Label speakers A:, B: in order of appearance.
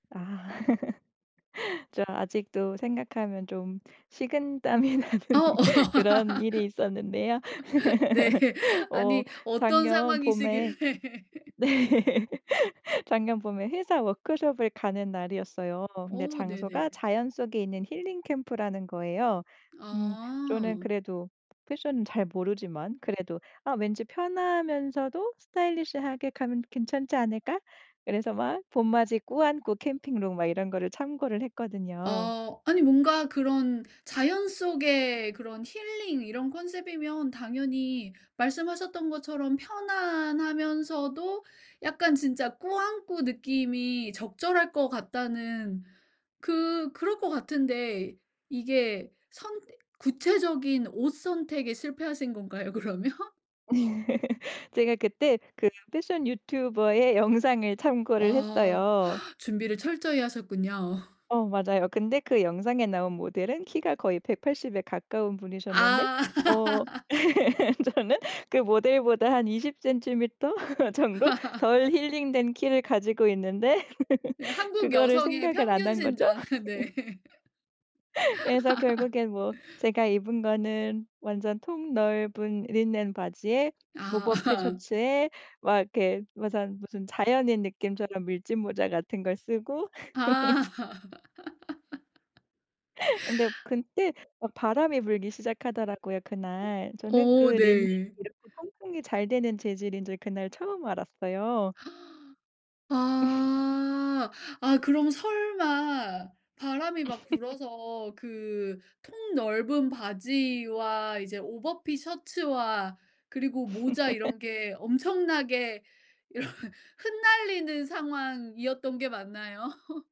A: 아. 제가 아직도 생각하면 좀 식은땀이 나는
B: 어
A: 그런 일이 있었는데요.
B: 네.
A: 어
B: 아니 어떤
A: 작년 봄에
B: 상황이시길래.
A: 네. 작년 봄에 회사 워크숍을 가는 날이었어요. 그런데
B: 어 네네.
A: 장소가 자연 속에 있는 힐링캠프라는 거예요. 음 저는
B: 아.
A: 그래도 패션은 잘 모르지만 그래도 아 왠지 편하면서도 스타일리시하게 가면 괜찮지 않을까 그래서 막 봄맞이 꾸안꾸 캠핑룩 막 이런 거를 참고를 했거든요.
B: 아 아니 뭔가 그런 자연 속에 그런 힐링 이런 컨셉이면 당연히 말씀하셨던 것처럼 편안하면서도 약간 진짜 꾸안꾸 느낌이 적절할 것 같다는 그 그럴 것 같은데 이게 선 구체적인 옷 선택에 실패하신 건가요, 그러면?
A: 제가 그때 그 패션 유튜버의 영상을 참고를
B: 와
A: 했어요.
B: 준비를 철저히 하셨군요.
A: 어 맞아요. 근데 그 영상에 나온 모델은 키가 거의 180에 가까운 분이셨는데
B: 아.
A: 어 저는 그 모델보다 한 20 cm 정도 덜 힐링된 키를 가지고 있는데
B: 네, 한국
A: 그거를
B: 여성의
A: 생각을 안
B: 평균
A: 한 거죠.
B: 신장. 네.
A: 그래서 결국엔 뭐 제가 입은 거는 완전 통 넓은 린넨 바지에
B: 아
A: 오버핏
B: 아.
A: 셔츠에 막 이렇게 무슨 무슨 자연인 느낌처럼 밀짚모자 같은 걸 쓰고
B: 아.
A: 근데 그때 막 바람이 불기 시작하더라고요 그날.
B: 어
A: 저는 그
B: 어
A: 린넨이
B: 네.
A: 이렇게 통풍이 잘 되는 재질인지 그날 처음 알았어요.
B: 아. 아 그럼 설마 바람이 막 불어서 그 통 넓은 바지와 이제 오버핏 셔츠와 그리고 모자 이런 게 엄청나게 이런 흩날리는 상황이었던 게 맞나요?